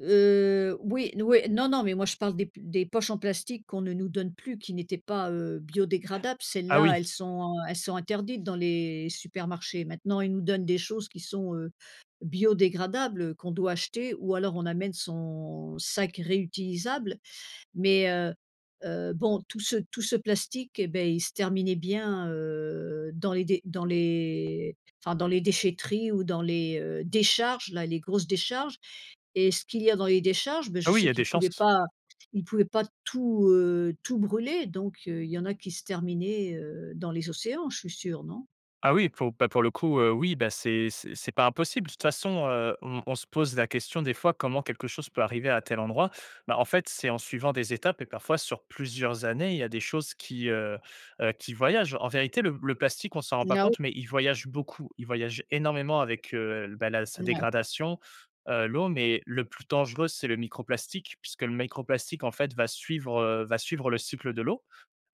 Heu, oui, n oui. Non non, mais moi je parle des p des poches en plastique qu'on ne nous donne plus, qui n'étaient pas, heu, biodégradables, Ah celles-là oui. elles sont, heu, elles sont interdites dans les supermarchés. Maintenant ils nous donnent des choses qui sont, heu, biodégradables qu'on doit acheter ou alors on amène son sac réutilisable, mais heu heu, bon tout ce tout ce plastique, et beh, il se terminait bien, heu, dans les d dans les enfin, dans les déchèteries ou dans les, heu, décharges là, les grosses décharges et ce qu'il y a dans les décharges, bah, je Ah oui, il sais y a qu'ils des pouvaient chances. pas ils pouvaient pas tout, heu, tout brûler donc heu, il y en a qui se terminaient, heu, dans les océans, je suis sûre, non? Ah oui, pour bah, pour le coup, heu, oui, ben, c'est c'est c'est pas impossible. De toute façon, heu, on on se pose la question des fois comment quelque chose peut arriver à tel endroit. Bah, en fait, c'est en suivant des étapes et parfois sur plusieurs années, il y a des choses qui, heu heu, qui voyagent. En vérité, le le plastique, on s'en rend pas Now. compte, mais il voyage beaucoup. Il voyage énormément avec, heu, bah, la sa N ouais. dégradation, heu, l'eau, mais le plus dangereux, c'est le microplastique, puisque le microplastique, en fait, va suivre, heu, va suivre le cycle de l'eau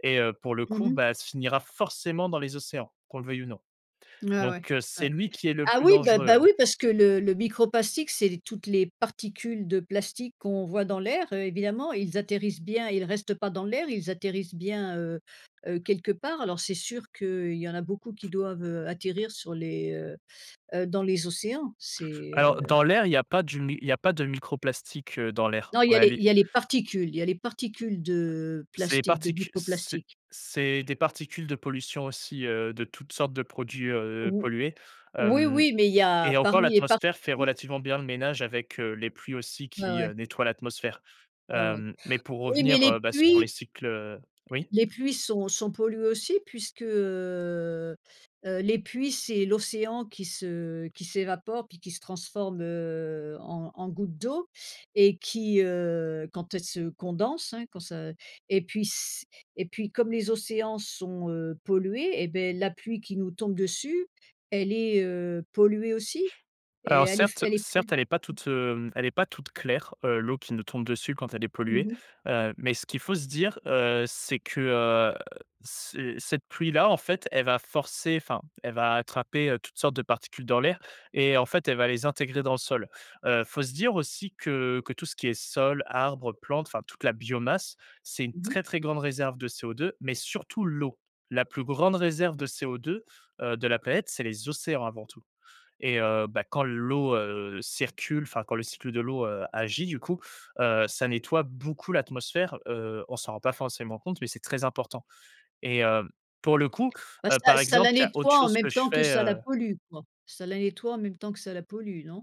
et heu, pour le Mmh coup, mh. bah se finira forcément dans les océans, qu'on le veuille ou non. Ah ouais, Donc heu, ouais. c'est lui qui est le Ah plus oui, beh, bah, dangereux. oui, parce que le le microplastiques, c'est les toutes les particules de plastique qu'on voit dans l'air évidemment ils atterrissent bien, ils restent pas dans l'air, ils atterrissent bien, heu heu, quelque part alors c'est sûr qu'il y en a beaucoup qui doivent, heu, atterrir sur les heu heu, dans les océans, c'est, Alors heu dans l'air, il y a pas du mi il y a pas de microplastiques, heu, dans l'air Non il en y a les réali il y a les particules, il y a les particules de Ces plastique, de particu c'est microplastiques. c'est des particules de pollution aussi, heu, de toutes sortes de produits, heu, Ou pollués, oui, hem, oui, mais il y a et encore parmi les par l'atmosphère fait [unintelligible] relativement bien le ménage avec, heu, les pluies aussi Ouais, qui, heu, ouais. nettoient l'atmosphère, Ouais, ouais. hem, mais pour Oui mais revenir, les heu, bah, sur les pluies cycles oui. les pluies sont sont polluées aussi puisque, heu heu, les pluies, c'est l'océan qui se qui s'évapore puis qui se transforme, heu, en en gouttes d'eau et qui, heu, quand elles se condensent, hein, quand ça et puis s et puis comme les océans sont, heu, pollués, et beh, la pluie qui nous tombe dessus, elle est, heu, polluée aussi et Alors elle est f certes elle est certes, elle est pas [unintelligible] toute, heu, elle est pas toute claire, heu, l'eau qui nous tombe dessus quand elle est Mmh polluée, mh. heu, mais ce qu'il faut se dire, heu, c'est que, heu, ce cette pluie là, en fait, elle va forcer, enfin, elle va attraper, heu, toutes sortes de particules dans l'air et en fait elle va les intégrer dans le sol, heu, faut se dire aussi que que tout ce qui est sol, arbres, plantes, enfin toute la biomasse, c'est une Mmh mh. très, très grande réserve de CO2, mais surtout l'eau. La plus grande réserve de CO2, heu, de la planète, c'est les océans avant tout. Et heu, bah, quand l'eau, heu, circule, enfin quand le cycle de l'eau, heu, agit du coup, heu, ça nettoie beaucoup l'atmosphère, heu, on s'en rend pas forcément compte, mais c'est très important, et heu, pour le coup, Bah, heu, ça par ça exemple, la il y a autre nettoie en chose même que je temps que fais, ça la heu pollue quoi. Ça la nettoie en même temps que ça la pollue, non?